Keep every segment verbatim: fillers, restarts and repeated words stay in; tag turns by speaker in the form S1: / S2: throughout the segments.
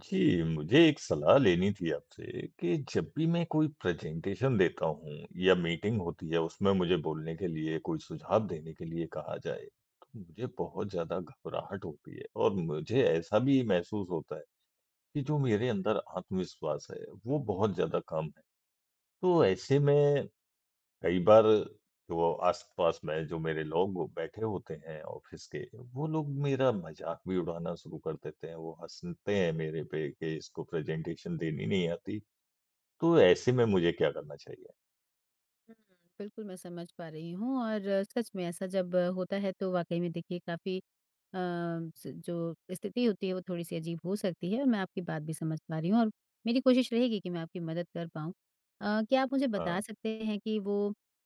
S1: जी, मुझे एक सलाह लेनी थी आपसे कि जब भी मैं कोई प्रेज़ेंटेशन देता हूँ या मीटिंग होती है, उसमें मुझे बोलने के लिए, कोई सुझाव देने के लिए कहा जाए, तो मुझे बहुत ज़्यादा घबराहट होती है और मुझे ऐसा भी महसूस होता है, कि जो मेरे अंदर आत्मविश्वास है, वो बहुत ज़्यादा कम है। तो ऐसे में, कई बार जो आस-पास में जो मेरे लोग बैठे होते हैं ऑफिस के, वो लोग मेरा मज़ाक भी उड़ाना शुरू कर देते हैं, वो हँसते हैं मेरे पे कि इसको प्रेज़ेंटेशन देनी नहीं आती। तो ऐसे में मुझे क्या करना चाहिए?
S2: हुँ, बिल्कुल मैं समझ पा रही हूँ और सच में ऐसा जब होता है तो वाक़ई में देखिए काफ़ी अ, स जो स्थिति होती है, वो थोड़ी-सी अजीब हो सकती है और मैं आपकी बात भी समझ पा रही हूँ और मेरी कोशिश रहेगी कि मैं आपकी मदद कर पाऊँ। अ, क्या आप मुझे बता
S1: हाँ।
S2: सकते हैं कि वो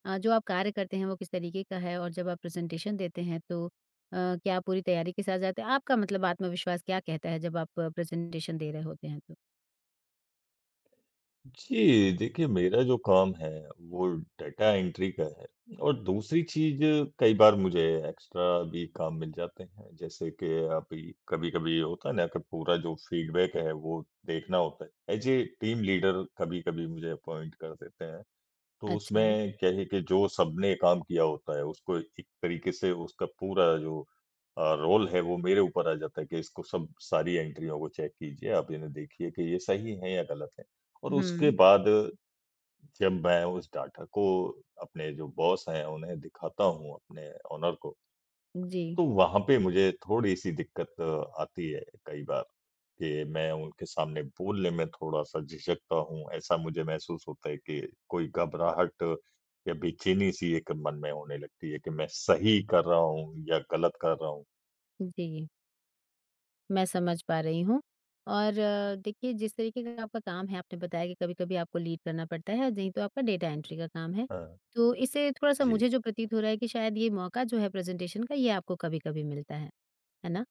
S2: अ, जो आप कार्य करते हैं वो किस तरीके का है और जब आप प्रेज़ेंटेशन देते हैं तो अ, क्या पूरी तैयारी के साथ जाते हैं? आपका मतलब आत्मविश्वास क्या कहता है जब आप अ, प्रेज़ेंटेशन दे रहे होते हैं तो?
S1: जी, देखिए मेरा जो काम है, वो डेटा एंट्री का है और दूसरी चीज़ कई बार मुझे एक्स्ट्रा भी काम मिल जाते हैं। जैसे कि अभी कभी-कभी होता है ना, कि पूरा जो फीडबैक है, वो देखना होता है। ऐज़ ए टीम लीडर कभी-कभी मुझे अपॉइंट कर देते हैं। तो
S2: अच्छा।
S1: उसमें क्या है कि जो सबने काम किया होता है, उसको एक तरीके से उसका पूरा जो अ, रोल है, वो मेरे ऊपर आ जाता है कि इसको सब सारी एंट्रियों को चेक कीजिए। आप इन्हें देखिए कि ये सही हैं या गलत हैं, और उसके
S2: हुँ।
S1: बाद जब मैं उस डेटा को अपने जो बॉस हैं उन्हें दिखाता हूँ, अपने ओनर को
S2: उ, जी।
S1: तो वहाँ पे मुझे थोड़ी-सी दिक्कत अ आती है कई बार कि मैं उनके सामने बोलने में थोड़ा-सा झिझकता हूँ। ऐसा मुझे महसूस होता है कि कोई घबराहट या बेचैनी-सी एक मन में होने लगती है कि मैं सही कर रहा हूँ या गलत कर रहा हूँ।
S2: उ, जी। मैं समझ पा रही हूँ और अ, देखिए जिस तरीके का आपका काम है, आपने बताया कि कभी-कभी आपको लीड करना पड़ता है और नहीं तो आपका डेटा एंट्री का काम है।
S1: हाँ।
S2: तो इससे थोड़ा-सा
S1: जी।
S2: मुझे जो प्रतीत हो रहा है कि शायद यह मौका जो है प्रेज़ेंटेशन का ये आपको कभी-कभी मिलता है। है ना?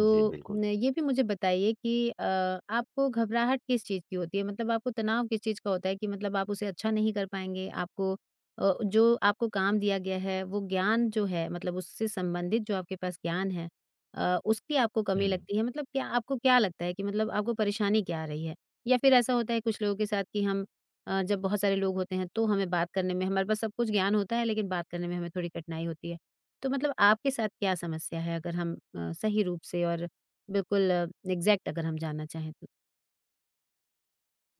S1: जी बिल्कुल।
S2: न ये भी मुझे बताइए कि अ, आपको घबराहट किस चीज़ की होती है? मतलब आपको तनाव किस चीज़ का होता है कि मतलब आप उसे अच्छा नहीं कर पाएँगे? आपको अ, जो आपको काम दिया गया है, वो ज्ञान जो है, मतलब उससे संबंधित जो आपके पास ज्ञान है अ, उसकी आपको कमी
S1: हुँ।
S2: लगती है। मतलब क्या आपको क्या लगता है कि मतलब आपको परेशानी क्या आ रही है? या फिर ऐसा होता है कुछ लोगों के साथ कि हम अ, जब बहुत सारे लोग होते हैं, तो हमें बात करने में हमारे पास सब कुछ ज्ञान होता है, लेकिन बात करने में हमें थोड़ी कठिनाई होती है। तो मतलब आपके साथ क्या समस्या है? अगर हम अ, सही रूप से और बिल्कुल एग्ज़ैक्ट अगर हम जानना चाहें तो?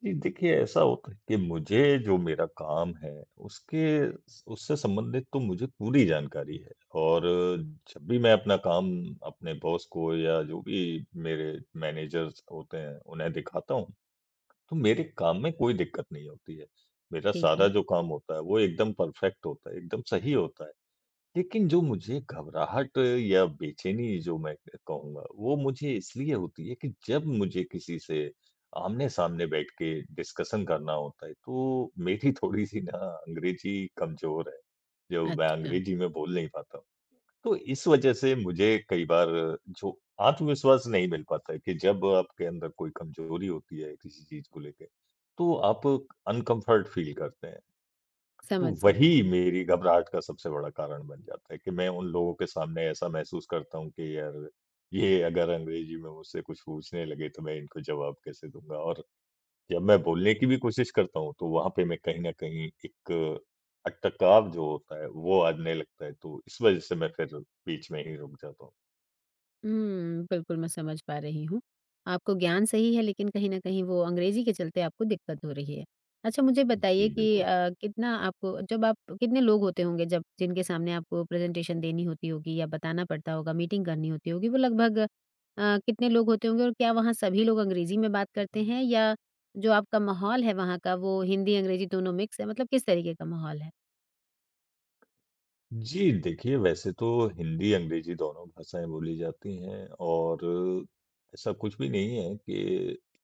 S1: जी, देखिए, ऐसा होता है कि मुझे जो मेरा काम है, उसके उस उससे संबंधित तो मुझे पूरी जानकारी है और जब भी मैं अपना काम अपने बॉस को या जो भी मेरे मैनेजर्स होते हैं उन्हें दिखाता हूँ, तो मेरे काम में कोई दिक्कत नहीं होती है। मेरा
S2: ठीक
S1: सारा
S2: है।
S1: जो काम होता है, वो एकदम परफ़ेक्ट होता है, एकदम सही होता है। लेकिन जो मुझे घबराहट या बेचैनी जो मैं क कहूँगा, वो मुझे इसीलिए होती है कि, जब मुझे किसी से आमने-सामने बैठ के डिस्कशन करना होता है तो मेरी थोड़ी-सी ना अंग्रेज़ी कमज़ोर है, जो मैं
S2: अच्छा।
S1: अंग्रेज़ी में बोल नहीं पाता हूँ। तो इस वजह से मुझे कई बार जो आत्मविश्वास नहीं मिल पाता है कि जब आपके अंदर कोई कमज़ोरी होती है किसी चीज़ को लेके, तो आप अनकम्फ़र्ट फ़ील करते हैं। तो
S2: समझ
S1: वही
S2: सकती हूँ।
S1: मेरी घबराहट का सबसे बड़ा कारण बन जाता है कि मैं उन लोगों के सामने ऐसा महसूस करता हूँ कि यार, ये अगर अंग्रेज़ी में मुझसे कुछ पूछने लगे तो मैं इनको जवाब कैसे दूँगा और जब मैं बोलने की भी कोशिश करता हूँ तो वहाँ पे मैं कहीं न कहीं एक, अटकाव जो होता है, वो आने लगता है। तो इस वजह से मैं फिर बीच में ही रुक जाता हूँ।
S2: उम, बिल्कुल, मैं समझ पा रही हूँ। आपको ज्ञान सही है लेकिन कहीं न कहीं वो अंग्रेज़ी के चलते आपको दिक्कत हो रही है। अच्छा, मुझे बताइए
S1: जी,
S2: कि
S1: बिल्कुल।
S2: अ, कितना आपको जब आप कितने लोग होते होंगे जब जिनके सामने आपको प्रेज़ेंटेशन देनी होती होगी या बताना पड़ता होगा, मीटिंग करनी होती होगी, वो लगभग अ, कितने लोग होते होंगे और क्या वहाँ सभी लोग अंग्रेज़ी में बात करते हैं या जो आपका माहौल है वहाँ का, वो हिंदी-अंग्रेज़ी दोनों मिक्स हैं? मतलब किस तरीके का माहौल है?
S1: जी, देखिए, वैसे तो हिंदी-अंग्रेज़ी दोनों भाषाएँ बोली जाती हैं और ऐसा कुछ भी नहीं है कि अ,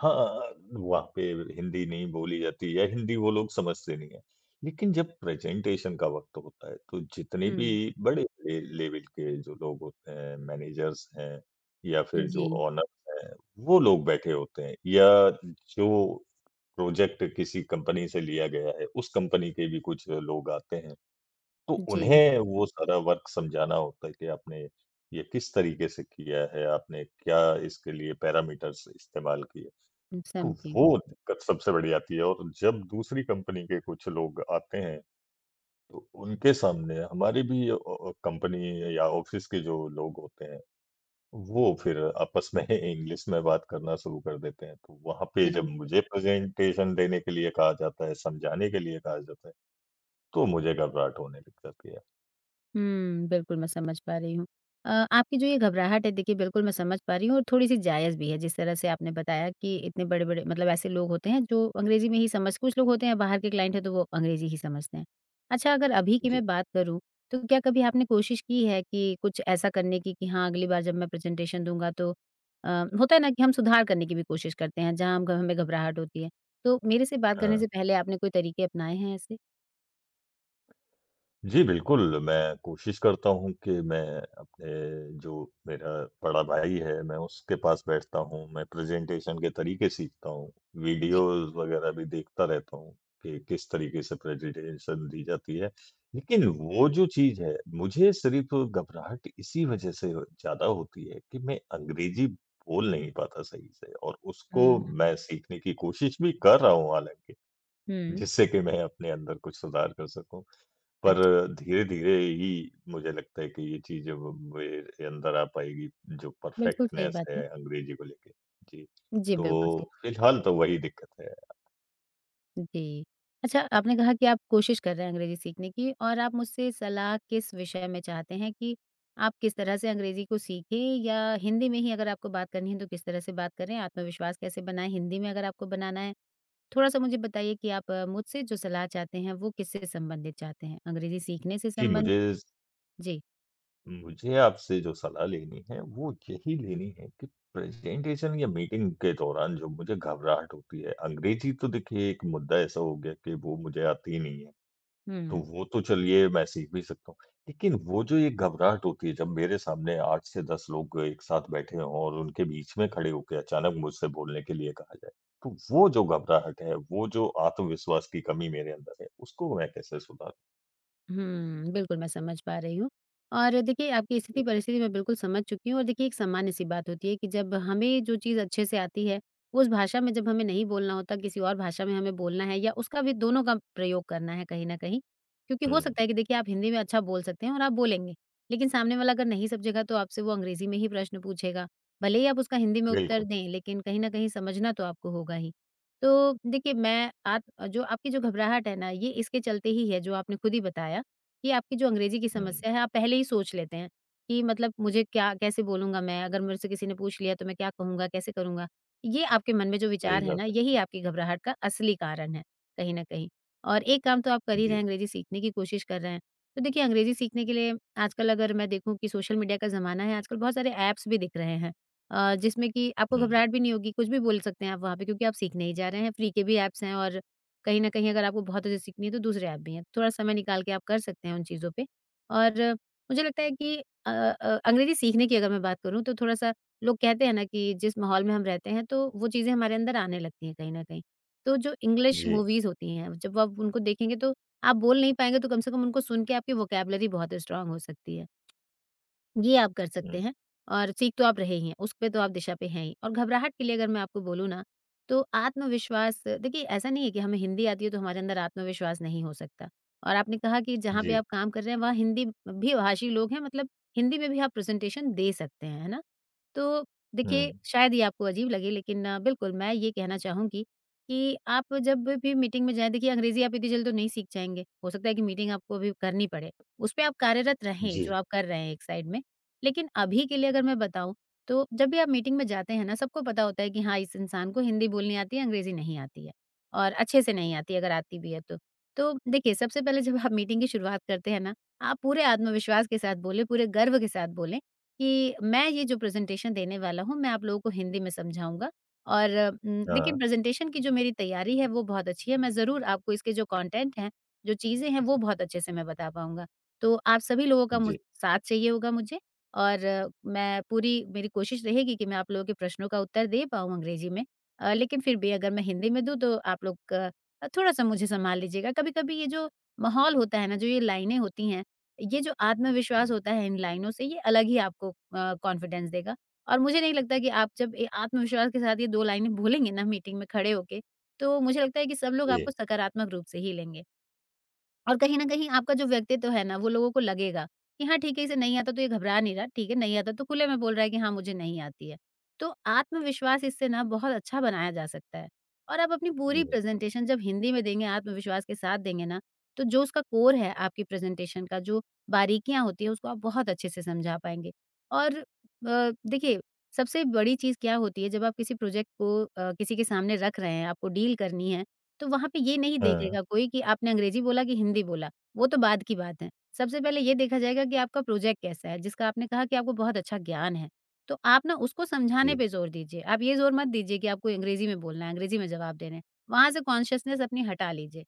S1: हाँ, वहाँ पे हिंदी नहीं बोली जाती या हिंदी वो लोग समझते नहीं हैं। लेकिन जब प्रेज़ेंटेशन का वक़्त होता है, तो जितने
S2: हुँ।
S1: भी बड़े-बड़े लेवल के जो लोग होते हैं, मैनेजर्स हैं या
S2: अ,
S1: फिर जो
S2: जी।
S1: ओनर्स हैं, वो लोग बैठे होते हैं या जो प्रोजेक्ट किसी कंपनी से लिया गया है, उस कंपनी के भी कुछ लोग आते हैं। तो
S2: जी।
S1: उन्हें वो सारा वर्क समझाना होता है कि आपने ये किस तरीके से किया है, आपने क्या इसके लिए पैरामीटर्स इस्तेमाल किए।
S2: उ
S1: तो
S2: समझी।
S1: वो दिक्कत सबसे बड़ी आती है और जब दूसरी कंपनी के कुछ लोग आते हैं, तो उनके सामने हमारी भी अ अ, कंपनी या ऑफ़िस के जो लोग होते हैं, वो फिर आपस में इंग्लिश में बात करना शुरू कर देते हैं। तो वहाँ पे जब
S2: समझी।
S1: मुझे प्रेज़ेंटेशन देने के लिए कहा जाता है, समझाने के लिए कहा जाता है, तो मुझे घबराहट होने लग जाती है।
S2: हुँ, बिल्कुल मैं समझ पा रही हूँ। अ, आपकी जो ये घबराहट है देखिए बिल्कुल मैं समझ पा रही हूँ और थोड़ी-सी जायज़ भी है, जिस तरह से आपने बताया कि इतने बड़े-बड़े मतलब ऐसे लोग होते हैं जो अंग्रेज़ी में ही समझ कुछ लोग होते हैं बाहर के क्लाइंट हैं, तो वो अंग्रेज़ी ही समझते हैं। अच्छा अगर अभी की
S1: जी।
S2: मैं बात करूँ, तो क्या कभी आपने कोशिश की है कि कुछ ऐसा करने की, कि हाँ, अगली बार जब मैं प्रेज़ेंटेशन दूँगा तो अ, होता है ना, कि हम सुधार करने की भी कोशिश करते हैं, जहाँ हम ग हमें घबराहट होती है, तो मेरे से बात करने
S1: हाँ।
S2: से पहले आपने कोई तरीके अपनाए हैं ऐसे?
S1: जी, बिल्कुल। मैं कोशिश करता हूँ कि मैं अपने जो मेरा बड़ा भाई है, मैं उसके पास बैठता हूँ, मैं प्रेज़ेंटेशन के तरीके सीखता हूँ।
S2: जी।
S1: वीडियोज़ वगैरह भी देखता रहता हूँ, कि किस तरीके से प्रेज़ेंटेशन दी जाती है। लेकिन वो जो चीज़ है, मुझे सिर्फ घबराहट इसी वजह से अ, ज़्यादा होती है कि, मैं अंग्रेज़ी बोल नहीं पाता सही से और उसको
S2: हुँ, हुँ।
S1: मैं सीखने की कोशिश भी कर रहा हूँ हालाँकि,
S2: हुँ।
S1: जिससे कि मैं अपने अंदर कुछ सुधार कर सकूँ। पर
S2: अच्छा।
S1: धीरे-धीरे ही मुझे लगता है कि ये चीज़ व अब मेरे अंदर आ पाएगी, जो
S2: बिल्कुल सही
S1: परफ़ेक्टनेस
S2: बात है।
S1: है अंग्रेज़ी को लेके। जी,
S2: जी, बिल्कुल सही।
S1: तो फिलहाल तो वही दिक्कत है।
S2: जी। अच्छा, आपने कहा कि आप कोशिश कर रहे हैं अंग्रेज़ी सीखने की और आप मुझसे सलाह किस विषय में चाहते हैं कि आप किस तरह से अंग्रेज़ी को सीखें या हिंदी में ही अगर आपको बात करनी है तो किस तरह से बात करें? आत्मविश्वास कैसे बनाएँ हिंदी में अगर आपको बनाना है? थोड़ा-सा मुझे बताइए कि आप मुझसे जो सलाह चाहते हैं, वो किस से संबंधित चाहते हैं, अंग्रेज़ी सीखने से
S1: जी,
S2: संबंध
S1: मुझे स
S2: जी।
S1: उम, मुझे आपसे जो सलाह लेनी है, वो यही लेनी है कि प्रेज़ेंटेशन या मीटिंग के दौरान जो मुझे घबराहट होती है अंग्रेज़ी तो देखिए एक मुद्दा ऐसा हो गया कि वो मुझे आती नहीं है। तो
S2: हुँ।
S1: वो तो चलिए, मैं सीख भी सकता हूँ। लेकिन वो जो एक घबराहट होती है, जब मेरे सामने आठ से दस लोग एक साथ बैठे हों और उनके बीच में खड़े होके अचानक मुझसे बोलने के लिए कहा जाए, तो वो जो घबराहट है, वो जो आत्मविश्वास की कमी मेरे अंदर है, उसको मैं कैसे सुधारूँ?
S2: उहुँ, बिल्कुल मैं समझ पा रही हूँ और देखिए, आपकी
S1: जी।
S2: स्थिति-परिस्थिति मैं बिल्कुल समझ चुकी हूँ और देखिए, एक सामान्य-सी बात होती है कि जब हमें जो चीज़ अच्छे से आती है, उस भाषा में जब हमें नहीं बोलना होता, किसी और भाषा में हमें बोलना है या उसका भी दोनों का प्रयोग करना है कहीं न कहीं क्योंकि हो
S1: हुँ, हुँ।
S2: सकता है कि देखिए, आप हिंदी में अच्छा बोल सकते हैं और आप बोलेंगे। लेकिन सामने वाला अगर नहीं समझेगा तो आपसे वो अंग्रेज़ी में ही प्रश्न पूछेगा। भले ही आप उसका हिंदी में उत्तर
S1: बिल्कुल।
S2: दें, लेकिन कहीं न कहीं समझना तो आपको होगा ही। तो देखिए, मैं आप अ, जो आपकी जो घबराहट है ना, ये इसके चलते ही है जो आपने खुद ही बताया। ये आपकी जो अंग्रेज़ी की
S1: हुँ।
S2: समस्या है, आप पहले ही सोच लेते हैं, कि मतलब मुझे क्या कैसे बोलूँगा मैं, अगर मुझसे किसी ने पूछ लिया तो मैं क्या कहूँगा, कैसे करूँगा। ये आपके मन में जो
S1: सही
S2: विचार है
S1: बात
S2: ना,
S1: है।
S2: यही आपकी घबराहट का असली कारण है, कहीं न कहीं और एक काम तो आप कर ही रहे
S1: जी।
S2: हैं, अंग्रेज़ी सीखने की कोशिश कर रहे हैं। तो देखिए, अंग्रेज़ी सीखने के लिए आजकल अगर मैं देखूँ कि सोशल मीडिया का ज़माना है, आजकल बहुत सारे ऐप्स भी दिख रहे हैं अ, जिसमें कि आपको
S1: हुँ।
S2: घबराहट भी नहीं होगी। कुछ भी बोल सकते हैं आप वहाँ पे क्योंकि आप सीखने ही जा रहे हैं। फ़्री के भी ऐप्स हैं और कहीं न कहीं अगर आपको बहुत अच्छे से सीखनी है तो दूसरे ऐप भी हैं। थोड़ा समय निकाल के आप कर सकते हैं उन चीज़ों पे और मुझे लगता है कि अ अ, अंग्रेज़ी सीखने की अगर मैं बात करूँ तो थोड़ा-सा लोग कहते हैं ना कि जिस माहौल में हम रहते हैं तो वो चीज़ें हमारे अंदर आने लगती हैं कहीं न कहीं। तो जो इंग्लिश
S1: जी।
S2: मूवीज़ होती हैं, जब आप उनको देखेंगे तो आप बोल नहीं पाएँगे तो कम से कम उनको सुनके आपकी वोकैब्युलरी बहुत स्ट्रॉन्ग हो सकती है। ये आप कर
S1: हुँ।
S2: सकते हैं और सीख तो आप रहे ही हैं, उस पे तो आप दिशा पे हैं ही और घबराहट के लिए अगर मैं आपको बोलूँ ना, तो आत्मविश्वास देखिए ऐसा नहीं है कि हमें हिंदी आती है तो हमारे अंदर आत्मविश्वास नहीं हो सकता और आपने कहा कि जहाँ पे
S1: जी।
S2: आप काम कर रहे हैं, वहाँ हिंदी भी भाषी लोग हैं। मतलब हिंदी में भी आप प्रेज़ेंटेशन दे सकते हैं, है ना? तो देखिए,
S1: हुँ।
S2: शायद ये आपको अजीब लगे लेकिन बिल्कुल मैं ये कहना चाहूँगी, कि आप जब भी मीटिंग में जाएँ देखिए, अंग्रेज़ी आप इतनी जल्दी तो नहीं सीख जाएँगे। हो सकता है कि मीटिंग आपको अभी करनी पड़े। उस पे आप कार्यरत रहें, जो
S1: जी।
S2: आप कर रहे हैं एक साइड में। लेकिन अभी के लिए अगर मैं बताऊँ तो जब भी आप मीटिंग में जाते हैं ना, सबको पता होता है कि हाँ, इस इंसान को हिंदी बोलनी आती है, अंग्रेज़ी नहीं आती है और अच्छे से नहीं आती अगर आती भी है तो। तो देखिए, सबसे पहले जब आप मीटिंग की शुरुआत करते हैं ना, आप पूरे आत्मविश्वास के साथ बोलें, पूरे गर्व के साथ बोलें कि, "मैं ये जो प्रेज़ेंटेशन देने वाला हूँ, मैं आप लोगों को हिंदी में समझाऊँगा और उम,
S1: हाँ।
S2: लेकिन प्रेज़ेंटेशन की जो मेरी तैयारी है, वो बहुत अच्छी है। मैं ज़रूर आपको इसके जो कॉन्टेंट हैं, जो चीज़ें हैं, वो बहुत अच्छे से मैं बता पाऊँगा। तो आप सभी लोगों का
S1: जी।
S2: मुज़ साथ चाहिए होगा मुझे और मैं पूरी मेरी कोशिश रहेगी कि मैं आप लोगों के प्रश्नों का उत्तर दे पाऊँ अंग्रेज़ी में। अ, लेकिन फिर भी अगर मैं हिंदी में दूँ तो आप लोग अ, थोड़ा-सा मुझे संभाल लीजिएगा।" कभी-कभी ये जो माहौल होता है ना, जो ये लाइनें होती हैं, ये जो आत्मविश्वास
S1: हुँ।
S2: होता है इन लाइनों से, ये अलग ही आपको अ, कॉन्फिडेंस देगा और मुझे नहीं लगता कि आप जब ये आत्मविश्वास के साथ ये दो लाइनें बोलेंगे ना मीटिंग में खड़े होके, तो मुझे लगता है कि सब लोग आपको
S1: जी।
S2: सकारात्मक रूप से ही लेंगे। और कहीं न कहीं आपका जो व्यक्तित्व है ना, वो लोगों को लगेगा कि हाँ, ठीक है, इसे नहीं आता तो ये घबरा नहीं रहा। ठीक है, नहीं आता तो खुले में बोल रहा है कि हाँ, मुझे नहीं आती है। तो आत्मविश्वास इससे ना बहुत अच्छा बनाया जा सकता है। और आप अपनी
S1: जी,
S2: पूरी
S1: बिल्कुल।
S2: प्रेज़ेंटेशन जब हिंदी में देंगे, आत्मविश्वास के साथ देंगे ना, तो जो उसका कोर है, आपकी प्रेज़ेंटेशन का जो बारीकियाँ होती हैं, उसको आप बहुत अच्छे से समझा पाएँगे। और अ, देखिए, सबसे बड़ी चीज़ क्या होती है जब आप किसी प्रोजेक्ट को अ, किसी के सामने रख रहे हैं, आपको डील करनी है तो वहाँ पे ये नहीं
S1: हाँ।
S2: देखेगा कोई कि आपने अंग्रेज़ी बोला कि हिंदी बोला। वो तो बाद की बात है। सबसे पहले ये देखा जाएगा कि आपका प्रोजेक्ट कैसा है, जिसका आपने कहा कि आपको बहुत अच्छा ज्ञान है। तो आप ना उसको समझाने
S1: जी।
S2: पे ज़ोर दीजिए। आप ये ज़ोर मत दीजिए कि आपको अंग्रेज़ी में बोलना है, अंग्रेज़ी में जवाब देने हैं। वहाँ से कॉन्शसनेस अपनी हटा लीजिए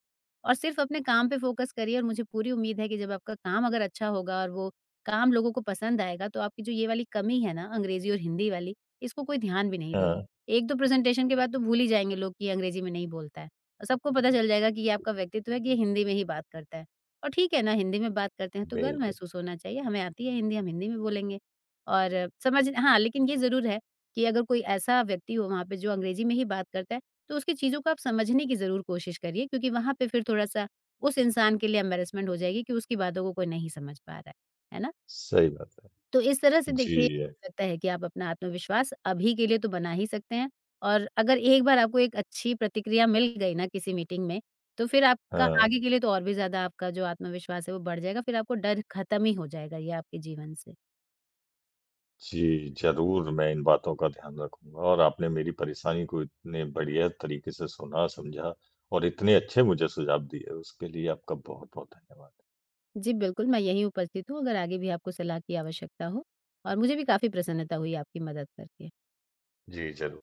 S2: और सिर्फ अपने काम पे फ़ोकस करिए और मुझे पूरी उम्मीद है कि जब आपका काम अगर अच्छा होगा और वो काम लोगों को पसंद आएगा तो आपकी जो ये वाली कमी है ना, अंग्रेज़ी और हिंदी वाली, इसको कोई ध्यान भी नहीं
S1: हाँ।
S2: देगा। एक दो प्रेज़ेंटेशन के बाद तो भूल ही जाएँगे लोग कि ये अंग्रेज़ी में नहीं बोलता है औ सबको पता चल जाएगा कि ये आपका व्यक्तित्व है कि ये हिंदी में ही बात करता है और ठीक है ना, हिंदी में बात करते हैं तो गर्व
S1: बिल्कुल।
S2: महसूस होना चाहिए। हमें आती है हिंदी, हम हिंदी में बोलेंगे और समझ हाँ, लेकिन ये ज़रूर है कि अगर कोई ऐसा व्यक्ति हो वहाँ पे जो अंग्रेज़ी में ही बात करता है, तो उसकी चीज़ों को आप समझने की ज़रूर कोशिश करिए क्योंकि वहाँ पे फिर थोड़ा-सा उस इंसान के लिए एम्बैरसमेंट हो जाएगी कि उसकी बातों को कोई नहीं समझ पा रहा है। है ना?
S1: सही बात है।
S2: तो इस तरह से देखिए,
S1: जी, अ
S2: लगता है कि आप अपना आत्मविश्वास अभी के लिए तो बना ही सकते हैं और अगर एक बार आपको एक अच्छी प्रतिक्रिया मिल गई ना किसी मीटिंग में, तो फिर आपका
S1: हाँ।
S2: आगे के लिए तो और भी ज़्यादा आपका जो आत्मविश्वास है, वो बढ़ जाएगा। फिर आपको डर ख़त्म ही हो जाएगा ये आपके जीवन से।
S1: जी, ज़रूर। मैं इन बातों का ध्यान रखूँगा और आपने मेरी परेशानी को इतने बढ़िया तरीके से सुना, समझा और इतने अच्छे मुझे सुझाव दिए, उसके लिए आपका बहुत-बहुत धन्यवाद।
S2: जी, बिल्कुल। मैं यहीं उपस्थित हूँ अगर आगे भी आपको सलाह की आवश्यकता हो और मुझे भी काफ़ी प्रसन्नता हुई आपकी मदद करके।
S1: जी, ज़रूर।